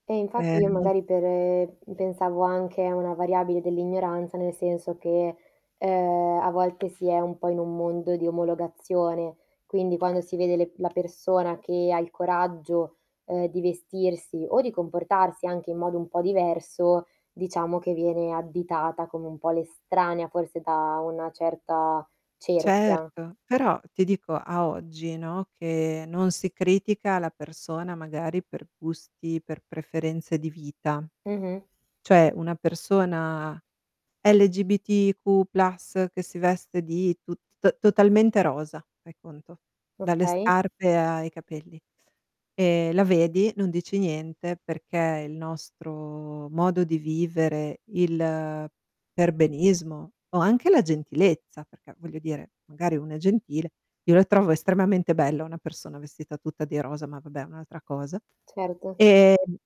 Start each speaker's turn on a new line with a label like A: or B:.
A: Eh,
B: E
A: infatti, io
B: no
A: magari per ehm, pensavo anche a una variabile dell'ignoranza. Nel senso che, ehm, a volte si è un po' in un mondo di omologazione, quindi quando si vede le la persona che ha il coraggio, uhm, di vestirsi o di comportarsi anche in modo un po' diverso, diciamo che viene additata come un po' l'estranea forse da una certa cerchia.
B: Certo, però ti dico a oggi, no, che non si critica la persona magari per gusti, per preferenze di vita
A: Mh-mh.
B: cioè una persona LGBTQ+, che si veste di tut t totalmente rosa, fai conto, dalle
A: Okay.
B: scarpe ai capelli e la vedi, non dici niente, perché il nostro modo di vivere, il perbenismo o anche la gentilezza perché, voglio dire, magari uno è gentile io la trovo estremamente bella, una persona vestita tutta di rosa, ma va beh è un'altra cosa.
A: Certo.
B: Ehm